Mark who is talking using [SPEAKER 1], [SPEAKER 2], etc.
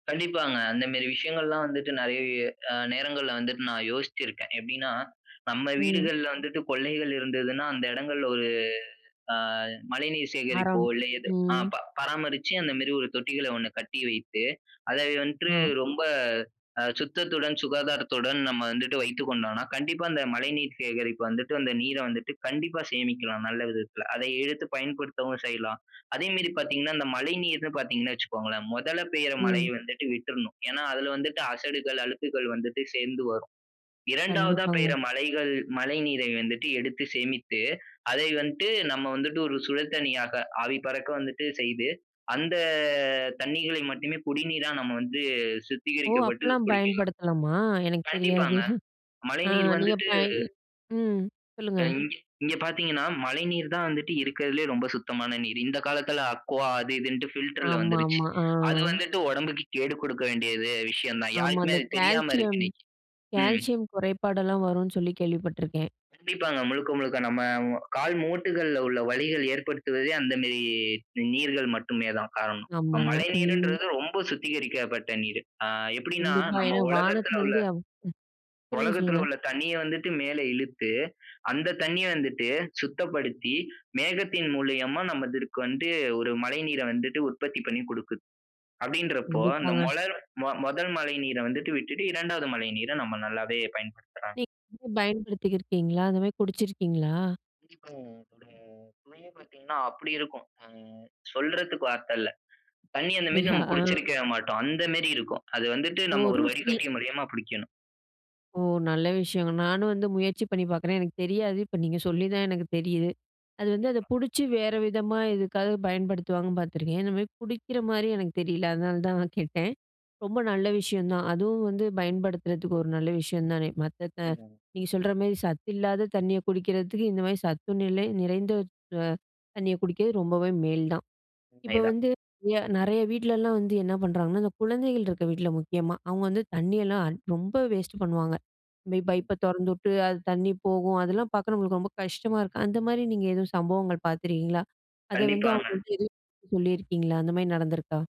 [SPEAKER 1] கண்டிப்பாங்க. அந்த மேரி விஷயங்கள்லாம் வந்துட்டு, நெறைய அ நேரங்கள்ல வந்துட்டு நான் யோசிச்சிருக்கேன். எப்டின்னா, நம்ம
[SPEAKER 2] ம்.
[SPEAKER 1] வீடுகள்ல வந்துட்டு கொள்ளைகள் இருந்ததுன்னா, அந்த இடங்கள்ல ஒரு ஆ மழைநீர் சேகரிப்போ,
[SPEAKER 2] மரம்.
[SPEAKER 1] இல்ல ஏதோ ஆ
[SPEAKER 2] ம்.
[SPEAKER 1] ப பராமரிச்சு அந்தமேரி ஒரு தொட்டிகள ஒண்ணு கட்டி வைத்து அத வந்துட்டு,
[SPEAKER 2] அ.
[SPEAKER 1] ரொம்ப அ சுத்தத்துடன் சுகாதாரத்துடன் நம்ம வந்துட்டு வைத்துக் கொண்டோன்னா, கண்டிப்பா அந்த மழைநீர் சேகரிப்பு வந்துட்டு, அந்த நீர வந்துட்டு கண்டிப்பா சேமிக்கலாம் நல்ல விதத்துல. அதை எடுத்து பயன்படுத்தவும் செய்யலாம். அதே மேரி பார்த்தீங்கன்னா அந்த மழைநீர் பார்த்தீங்கன்னா வச்சுக்கோங்களேன், முதல்ல பெய்ற மழையை
[SPEAKER 2] ம்.
[SPEAKER 1] வந்துட்டு விட்றணும். ஏனா, அதில வந்துட்டு அசடுகள், அழுக்குகள் வந்துட்டு சேர்ந்து வரும். 2
[SPEAKER 2] கண்டிப்பாங்க.
[SPEAKER 1] பெய்ற மழைகள் மழைநீரை வந்துட்டு எடுத்து சேமித்து, அதை வந்துட்டு நம்ம வந்துட்டு ஒரு சுழல் தண்ணீயாக ஆவி பறக்க வந்துட்டு செய்து அந்த தண்ணீகளை மட்டுமே குடிநீரா நம்ம வந்துட்டு
[SPEAKER 2] ஓ!
[SPEAKER 1] சுத்திகரிக்கப்பட்டு
[SPEAKER 2] அப்டிலாம்
[SPEAKER 1] குடிக்கலாம்.
[SPEAKER 2] பயன்படுத்தலாமா? எனக்கு தெரியாது
[SPEAKER 1] கண்டிப்பாங்க.
[SPEAKER 2] ஆ
[SPEAKER 1] மழைநீர்
[SPEAKER 2] நீங்க
[SPEAKER 1] வந்துட்டு
[SPEAKER 2] ப இ ம் சொல்லுங்க.
[SPEAKER 1] ஆ இங்க இங்கே பார்த்தீங்கன்னா மழைநீர் தான் வந்துட்டு இருக்கதிலேயே ரொம்ப சுத்தமான நீர். இந்த காலத்துல அக்வா அது இதுன் பில்டர்ல வந்துருச்சு.
[SPEAKER 2] ஆமாமா, ஆ.
[SPEAKER 1] அது வந்துட்டு உடம்புக்கு கேடு குடுக்க வேண்டியது விஷயம் தான்.
[SPEAKER 2] ஆமா.
[SPEAKER 1] யாருக்குமே
[SPEAKER 2] அந்த
[SPEAKER 1] அது தெரியாம இருக்கு
[SPEAKER 2] கால்சியம்
[SPEAKER 1] இன்னைக்கு. ம்.
[SPEAKER 2] கால்சியம் குறைபாடெல்லாம் வரும்ன்னு சொல்லி கேள்விப்பட்டுருக்கேன்.
[SPEAKER 1] கண்டிப்பாங்க. முழுக்க முழுக்க நம்ம கால் மூட்டுகள்ல உள்ள வலிகள் ஏற்படுத்துவதே, அந்தமேரி நீர்கள் மட்டுமே தான் காரணம்.
[SPEAKER 2] ஆமாங்க, ம்.
[SPEAKER 1] மழைநீர்ன்றது ரொம்ப சுத்திகரிக்கப்பட்ட நீர். ஆ எப்டின்னா
[SPEAKER 2] கண்டிப்பா.
[SPEAKER 1] நம்ம
[SPEAKER 2] ஏனா,
[SPEAKER 1] உலகத்துல உள்ள,
[SPEAKER 2] வானத்துலருந்து அப் சொல்லுங்க
[SPEAKER 1] உலகத்துல
[SPEAKER 2] சொல்லுங்க.
[SPEAKER 1] உள்ள தண்ணீய வந்துட்டு மேல இழுத்து, அந்த தண்ணீய வந்துட்டு சுத்தப்படுத்தி மேகத்தின் மூலியமா நமக்கு வந்து ஒரு மழைநீர வந்துட்டு உற்பத்தி பண்ணி குடுக்குது. அப்டின்றப்போ அந்த
[SPEAKER 2] கண்டிப்பாங்க.
[SPEAKER 1] மோல முதல் மழைநீர வந்துட்டு விட்டுட்டு 2 மழைநீர நம்ம நல்லாவே பயன்படுத்துலாம்.
[SPEAKER 2] நீ பயன்படுத்திருக்கீங்களா அந்த மாரி குடிச்சிருக்கீங்களா?
[SPEAKER 1] [unintelligible] இப்போ ஆ பார்த்தீங்கன்னா, அப்டி இருக்கும். ஆ சொல்றதுக்கு வார்த்த இல்ல. தண்ணீ அந்த மேரி
[SPEAKER 2] அப்டியா!
[SPEAKER 1] நம்ம குடிச்சுருக்க மாட்டோம், அந்த மேரி இருக்கும். அது வந்துட்டு
[SPEAKER 2] ஒ!
[SPEAKER 1] நம்ம ஒரு
[SPEAKER 2] ருசி.
[SPEAKER 1] வடிகட்டி மூலியமா புடிக்கணும்.
[SPEAKER 2] ஓ! நல்ல விஷயங்க. நானும் வந்து முயற்சி பண்ணி பார்க்குறேன். எனக்கு தெரியாது, இப்ப நீங்க சொல்லி தான் எனக்கு தெரியுது. அது வந்து அத
[SPEAKER 1] கண்டிப்பா.
[SPEAKER 2] புடிச்சு வேற விதமா எதுக்காக பயன்படுத்துவாங்கன்னு பார்த்துருக்கேன். இந்த மாரி குடிக்கிற மாரி எனக்கு தெரியல அதனால தான் நான் கேட்டேன். ரொம்ப நல்ல விஷயம் தான் அதுவும் வந்து பயன்படுத்துறதுக்கு ஒரு நல்ல விஷயம் தானே மத்த த
[SPEAKER 1] ம்ஹ்ம்.
[SPEAKER 2] நீங்க சொல்ற மாரி சத்து இல்லாத தண்ணிய குடிக்கிறதுக்கு இந்த மாரி சத்து நிலை நிறைந்த அ தண்ணிய குடிக்கறது ரொம்பவே மேல் தான். இப்போ
[SPEAKER 1] உண்மைதான்.
[SPEAKER 2] வந்து நெறைய வீட்லலாம் வந்து என்ன பண்ணுறாங்கன்னா அந்த குழந்தைகள் இருக்க வீட்ல முக்கியமா. அவங்க வந்து தண்ணியெல்லாம் ரொம்ப வேஸ்ட் பண்ணுவாங்க போய்
[SPEAKER 1] ம்.
[SPEAKER 2] பைப்ப தொறந்துட்டு அது தண்ணி போகும். அதெல்லாம் பார்க்க நம்மளுக்கு ரொம்ப கஷ்டமா இருக்கும். அந்த மாரி நீங்க எதுவும் சம்பவங்கள் பார்த்துருக்கீங்களா? அத வந்து
[SPEAKER 1] கண்டிப்பாங்க.
[SPEAKER 2] அவங்கள்ட்ட எதுவும் சொல்லியிருக்கீங்களா அந்த மாரி நடந்துருக்கா?